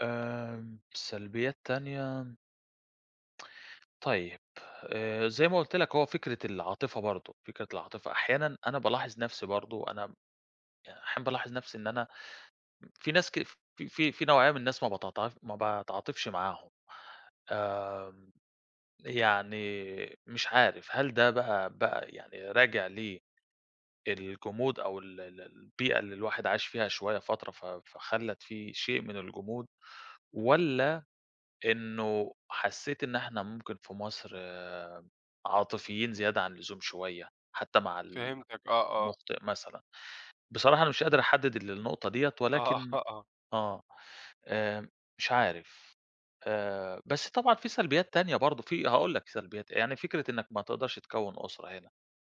آمم سلبيات تانية. طيب، آآ زي ما قُلت لك، هو فكرة العاطفة برضو، فكرة العاطفة أحيانًا أنا بالاحظ نفسي برضو، أنا أحيانًا بالاحظ نفسي إن أنا م في ناس ك في في في نوعية من الناس ما باتعا ما باتعاطفش معاهم. آمم يعني مش عارف، هل ده بقى بقى يعني راجع ل الجمود أو ال ال البيئة اللي الواحد عاش فيها شوية فترة، ف فخلت في شيء من الجمود، والّا إنه حسيت إن إحنا ممكن في مصر عاطفيين زيادة عن اللزوم شوية، حتى مع ال فهمتك، آه، آه. المُخطئ مثلًا، بصراحة أنا مش قادر أحدد النقطة ديّة، آه، ولكن آه، آه. آه، آآ مش عارف، آآ بس طبعًا في سلبيات تانية برضو في هاقول لك سلبيات، يعني فكرة إنك ما تقدرش تكَوّن أُسرة هنا،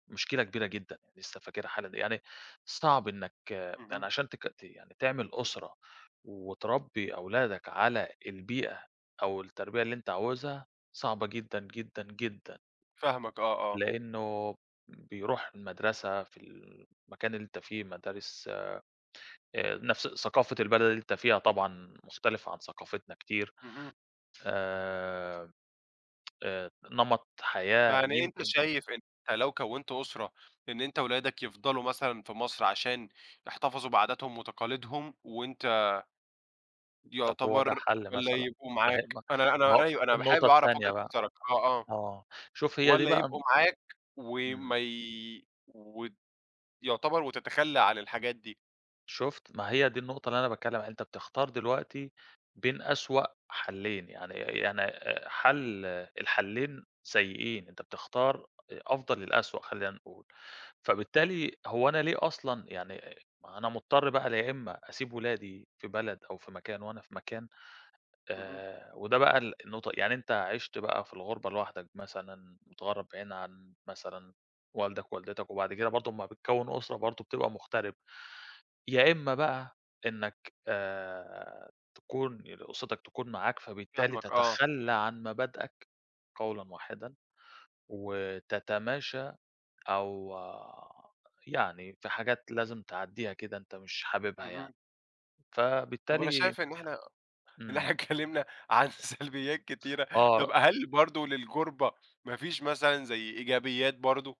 مشكلة كبيرة جدًا لسه فاكرها حالًا، يعني صعب إنك اهم. يعني عشان تك ت يعني تعمل أُسرة، وتربي أولادك على البيئة أو التربية اللي أنت عاوزها، صعبة جدًا، جدًا، جدًا. فاهمك آه، آه. لإنه ب بيروح المدرسة في ال المكان اللي أنت فيه مدارس آآ آآ نفس ثقافة البلد اللي أنت فيها طبعًا مختلفة عن ثقافتنا كتير، اهم. آآ آآ نمط حياة فيعني أنت يمكن شايف إن أنت لو كونت أسرة، إن أنت ولادك يفضلوا مثلًا في مصر، عشان يحتفظوا بعاداتهم وتقاليدهم، وأنت طَب هو ده يعتبر حل والّا مثلًا؟ يبقوا معاك، [unintelligible] أنا أنا هو أيوه، أنا حابب النقطة أعرف التانية وجهة بقى نظرك آه، آه، آه، شُف هي دي والّا بقى يبقوا معاك إمم. وما ي و يعتبر وتتخلى عن الحاجات دي. شُفت، ما هي دي النقطة اللي أنا باتكلم عليها، أنت بتختار دلوقتي بين أسوأ حلين، يعني يعني حل الحلين سيئين، أنت بتختار أفضل الأسوأ خلّينا نقول، فبالتالي هو أنا ليه أصلًا يعني ما هو أنا مضطر بقى يا إما أسيب ولادي في بلد أو في مكان وأنا في مكان، اهم. آآ وده بقى ال النقطة يعني أنت عِشت بقى في الغُربة لوحدك مثلًا، متغرب بعيد عن مثلًا والدك ووالدتك، وبعد كده برضو لمّا بتكوّن أُسرة برضو بتبقى مُغترب، يا إما بقى إنك آآ تكون أُسرتك تكون معاك، فبالتالي فاهمك آه. تتخلى عن مبادئك قولًا واحدًا وتتماشى، أو يعني في حاجات لازم تعديها كده أنت مش حاببها يعني. اهم. طب أنا فبالتالي شايف إن إحنا إن إحنا إمم. اتكلمنا عن سلبيات كتيرة، طَب آه هل برضو للغُربة، ما فيش مثلًا زي إيجابيات برضو؟